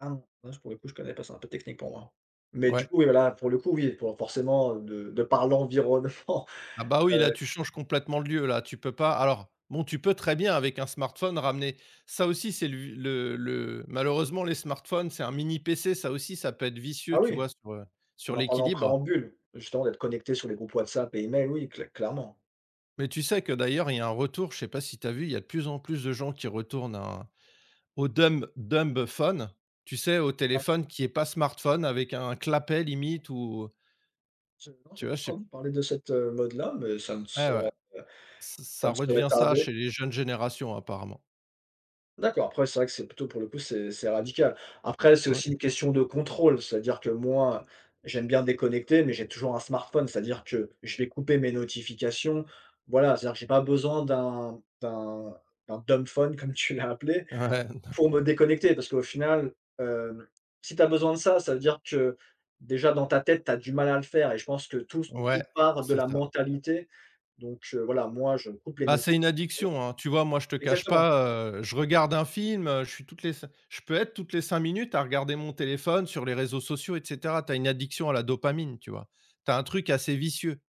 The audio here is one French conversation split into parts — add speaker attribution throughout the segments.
Speaker 1: Ah non. Là je pourrais p je ne connais pas, c'est un peu technique pour moi, mais du
Speaker 2: Ouais.
Speaker 1: coup, voilà, pour le coup, il faut forcément de de par l'environnement,
Speaker 2: Ah, bah, oui, là
Speaker 1: heu
Speaker 2: tu changes complètement le lieu là, tu peux pas alors, bon, tu peux très bien avec un smartphone ramener ça aussi c'est le v le le malheureusement les smartphones, c'est un mini PC, ça aussi ça peut être vicieux,
Speaker 1: Ah,
Speaker 2: tu
Speaker 1: oui.
Speaker 2: vois, sur, heu,
Speaker 1: On
Speaker 2: sur
Speaker 1: en parle en
Speaker 2: l'équilibre.
Speaker 1: préambule, justement, d'être connecté sur les groupes WhatsApp et email, oui, clai clairement.
Speaker 2: Mais tu sais que, d'ailleurs, il y a un retour, je sais pas si tu as vu, il y a de plus en plus de gens qui retournent au au dumb dumbphone tu sais, au
Speaker 1: Ap
Speaker 2: téléphone qui est pas smartphone, avec un clapet limite, ou
Speaker 1: Je non,
Speaker 2: Tu
Speaker 1: j'ai
Speaker 2: vois,
Speaker 1: pas
Speaker 2: je sais
Speaker 1: entendu parler de cette, heu, mode-là, mais ça ne
Speaker 2: Ouais,
Speaker 1: saurait,
Speaker 2: ouais,
Speaker 1: heu,
Speaker 2: ç
Speaker 1: ça
Speaker 2: ça
Speaker 1: ne saurait
Speaker 2: redevient ça
Speaker 1: tarder.
Speaker 2: chez les jeunes générations, apparemment.
Speaker 1: D'accord. Après, c'est vrai que c'est plutôt, pour le coup, c'est c'est radical. Après, c'est
Speaker 2: Ouais.
Speaker 1: aussi une question de contrôle, c'est-à-dire que moi, j'aime bien déconnecter, mais j'ai toujours un smartphone, c'est-à-dire que je vais couper mes notifications, voilà, c'est-à-dire que j'ai pas besoin d'un d'un d'un dumbphone comme tu l'as appelé
Speaker 2: Ouais, ne
Speaker 1: pour me déconnecter parce qu'au final, hem, si tu as besoin de ça, ça veut dire que déjà dans ta tête, tu as du mal à le faire et je pense que tout s
Speaker 2: Ouais,
Speaker 1: tout part de
Speaker 2: c'est
Speaker 1: la
Speaker 2: ça.
Speaker 1: mentalité donc heu, voilà, moi je coupe les
Speaker 2: Bah, c'est une
Speaker 1: notifications.
Speaker 2: addiction, hein. Tu vois, moi, je te cache
Speaker 1: exactement.
Speaker 2: pas, heu, je regarde un film, heu, je suis toutes les cin je peux être toutes les 5 minutes à regarder mon téléphone sur les réseaux sociaux, et cetera. Tu as une addiction à la dopamine, tu vois. Tu as un truc assez vicieux.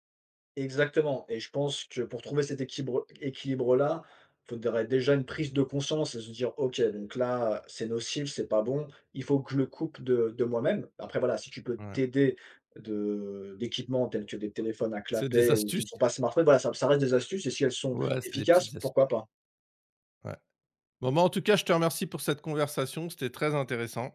Speaker 1: Exactement, et je pense que pour trouver cet équibre équilibre-là, faudrait déjà une prise de conscience et se dire: «OK, donc là, c'est nocif, c'est pas bon, il faut que je le coupe de de moi-même». Après voilà, si tu peux
Speaker 2: Ouais.
Speaker 1: t'aider de d'équipements tels que des téléphones à
Speaker 2: C'est des
Speaker 1: clapet ou qui ne
Speaker 2: astuces.
Speaker 1: sont pas smartphones, voilà, ça ça reste des astuces et si elles sont
Speaker 2: Ouais, c'est des
Speaker 1: efficaces,
Speaker 2: petites astuces.
Speaker 1: pourquoi pas?
Speaker 2: Ouais. Bon, bah, en tout cas, je te remercie pour cette conversation, c'était très intéressant.